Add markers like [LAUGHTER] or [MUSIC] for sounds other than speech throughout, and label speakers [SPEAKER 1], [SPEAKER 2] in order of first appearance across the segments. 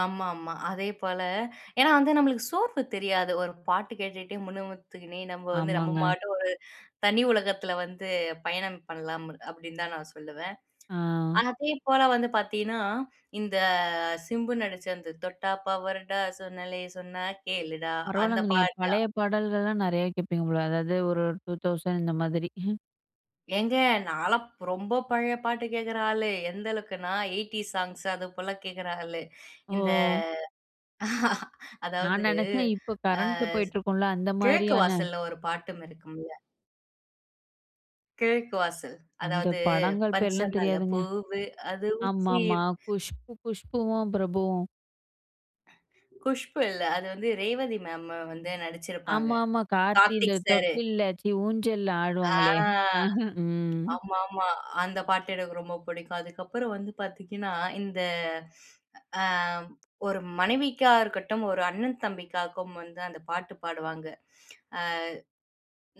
[SPEAKER 1] ஆமாமா. அதே போல, ஏனா வந்து நம்மளுக்கு சோப்பு தெரியாது. ஒரு பாட்டு கேட்டுகிட்டே முனுமுத்துக்கினே நம்ப வந்து நம்ப
[SPEAKER 2] ஆமாங்க.
[SPEAKER 1] பாட்டுக்கு ஒரு தனி உலகத்துல வந்து பயணம் பண்ணலாம் அப்படின்னு தா நா சொல்லுவன்.
[SPEAKER 2] ஆ
[SPEAKER 1] அதே போல வந்து பாத்தீங்கன்னா, இந்த சிம்பு நடிச்ச அந்த, "தொட்டா பவரு டா சொன்னாலே சொன்னா கேளுடா" அந்த
[SPEAKER 2] பரவாயில்லங்க! நீங்க
[SPEAKER 1] பாட்டு
[SPEAKER 2] பழைய பாடல்கள்லா நெறையவே கேட்பீங்க போல, அதாவது ஒரு 2000 இந்த மாதிரி. [CHUCKLES]
[SPEAKER 1] ஏங்க, நான்லா ரொம்ப பழைய பாட்டு கேட்கற ஆளு. எந்த அளவுக்குனா, எய்டீஸ் சாங்ஸ் அது போல கேக்கிற ஆளு. இந்த
[SPEAKER 2] ஓ!
[SPEAKER 1] [CHUCKLES]
[SPEAKER 2] நா
[SPEAKER 1] அதாவது
[SPEAKER 2] நெனச்சேன், இப்ப
[SPEAKER 1] ஆ
[SPEAKER 2] கரண்ட்ல போயிட்டு இருக்கும்ல அந்த
[SPEAKER 1] கிழக்கு
[SPEAKER 2] மாரியான.
[SPEAKER 1] வாசல்ல ஒரு பாட்டும் இருக்குமில்ல. கிழக்கு வாசல்
[SPEAKER 2] அந்த
[SPEAKER 1] அதாவது,
[SPEAKER 2] படங்கள்
[SPEAKER 1] "பச்ச
[SPEAKER 2] பேரெல்லா
[SPEAKER 1] மல
[SPEAKER 2] தெரியாதுங்க.
[SPEAKER 1] பூவு அது உச்சி".
[SPEAKER 2] ஆமாமா. குஷ்பு குஷ்புவும், பிரபுவும்.
[SPEAKER 1] குஷ்பு இல்ல. அது வந்து ரேவதி மேம் வந்து நடிச்சிருப்பாங்க.
[SPEAKER 2] ஆமாமா. கார்த்தி இந்த
[SPEAKER 1] கார்த்திக் சாரு.
[SPEAKER 2] தொட்டில்ல சீ ஊஞ்சல்ல
[SPEAKER 1] ஆ
[SPEAKER 2] ஆடுவாங்களே. [CHUCKLES] ம்
[SPEAKER 1] ஆமாமா. அந்த பாட்டு எனக்கு ரொம்ப பிடிக்கும். அதுக்கப்புறம் வந்து பார்த்தீங்கன்னா, இந்த ஆ ஒரு மனைவிக்கா இருக்கட்டும், ஒரு அண்ணன் தம்பிக்காகவு வந்து அந்த பாட்டு பாடுவாங்க. ஆ.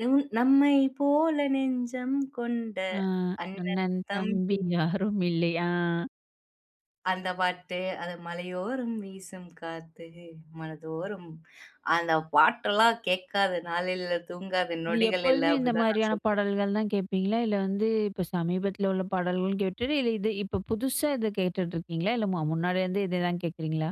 [SPEAKER 1] நும் நம்மை போல நெஞ்சம் கொண்ட
[SPEAKER 2] ஆ.
[SPEAKER 1] அண்ணன்
[SPEAKER 2] அண்ணன், தம்பி
[SPEAKER 1] தம்பி.
[SPEAKER 2] யாரும்மில்லை ஆ
[SPEAKER 1] அந்த பாட்டு, அது "மலையோறம் வீசும் காத்து மனதோறம்" அந்த பாட்டெல்லா கேட்காத நாள் இல்ல, தூங்காத
[SPEAKER 2] இது
[SPEAKER 1] நொடிகள் இல்ல,
[SPEAKER 2] எப்போதுமே இந்த
[SPEAKER 1] அப்படினுதா நா
[SPEAKER 2] மாதிரியான
[SPEAKER 1] சொல்லுவேன்.
[SPEAKER 2] பாடல்கள் தான் கேப்பீங்களா? இல்ல வந்து இப்ப சமீபத்தில உள்ள பாடல்கள் கேட்டுட்டு, இல்ல இது இப்ப புதுசா இத கேட்டுட்டு இருக்கீங்களா? இல்ல மு முன்னாடி இருந்தே இத தான் கேட்குறீங்களா?